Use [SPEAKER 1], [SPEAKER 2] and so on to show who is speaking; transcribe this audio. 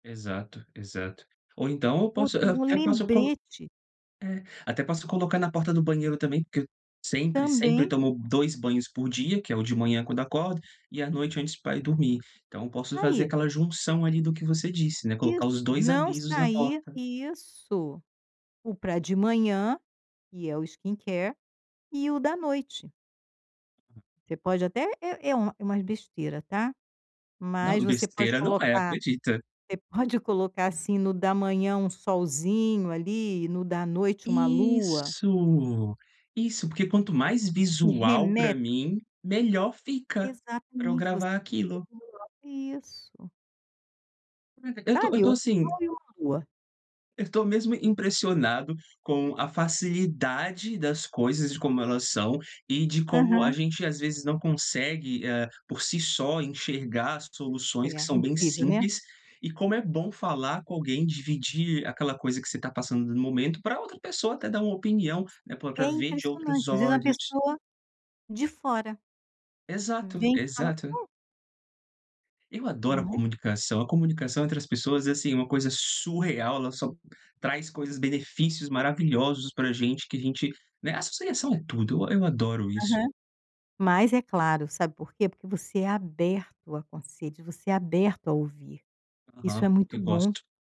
[SPEAKER 1] Exato, exato. Ou então eu
[SPEAKER 2] Boto
[SPEAKER 1] posso ah, eu
[SPEAKER 2] um
[SPEAKER 1] até posso colo
[SPEAKER 2] lembrete.
[SPEAKER 1] é, até posso colocar na porta do banheiro também, porque sempre sempre
[SPEAKER 2] Também.
[SPEAKER 1] tomo 2 banhos por dia, que é o de manhã quando acordo, e à noite antes pra ir dormir. Então eu posso fazer
[SPEAKER 2] Aí.
[SPEAKER 1] aquela junção, ali, do que você disse, né, colocar os
[SPEAKER 2] Isso,
[SPEAKER 1] 2
[SPEAKER 2] "não
[SPEAKER 1] avisos na
[SPEAKER 2] sair"
[SPEAKER 1] porta.
[SPEAKER 2] isso. O pra de manhã, e é o skincare, e o da noite. Você pode até é é uma é umas besteira, tá. Mas
[SPEAKER 1] Não,
[SPEAKER 2] você pode
[SPEAKER 1] besteira não é,
[SPEAKER 2] colocar
[SPEAKER 1] acredita.
[SPEAKER 2] você pode colocar, assim, no da manhã um solzinho, ali, e no da noite uma lua.
[SPEAKER 1] Isso. Isso, porque quanto mais
[SPEAKER 2] E
[SPEAKER 1] visual pra
[SPEAKER 2] reme
[SPEAKER 1] mim, melhor fica pra eu
[SPEAKER 2] Exatamente. Você
[SPEAKER 1] gravar aquilo.
[SPEAKER 2] [unintelligible] isso.
[SPEAKER 1] Caraca, eu tô eu
[SPEAKER 2] Sabe,
[SPEAKER 1] tô
[SPEAKER 2] um
[SPEAKER 1] assim
[SPEAKER 2] sol e uma lua.
[SPEAKER 1] Eu tô mesmo impressionado com a facilidade das coisas e de como elas são, e de como a
[SPEAKER 2] Aham.
[SPEAKER 1] gente, às vezes, não consegue, eh, por si só enxergar as
[SPEAKER 2] É,
[SPEAKER 1] soluções que são bem
[SPEAKER 2] incrível, né.
[SPEAKER 1] simples e como é bom falar com alguém, dividir aquela coisa que você tá passando no momento, pra outra pessoa até dar uma opinião, né, pra
[SPEAKER 2] É
[SPEAKER 1] pra ver de outros
[SPEAKER 2] impressionante, às vezes uma
[SPEAKER 1] olhos.
[SPEAKER 2] pessoa de fora
[SPEAKER 1] Exato,
[SPEAKER 2] vem e fala:
[SPEAKER 1] exato.
[SPEAKER 2] "Pô".
[SPEAKER 1] Eu adoro a
[SPEAKER 2] Não é?
[SPEAKER 1] comunicação. A comunicação entre as pessoas é, assim, uma coisa surreal, ela só traz coisas benefícios maravilhosos pra gente, que a gente, né, associação é tudo. E eu adoro isso.
[SPEAKER 2] Aham. Mas é claro, sabe por quê? Porque você é aberto a conselhos, você é aberto a ouvir. Isso
[SPEAKER 1] Aham,
[SPEAKER 2] é muito
[SPEAKER 1] eu
[SPEAKER 2] bom.
[SPEAKER 1] gosto.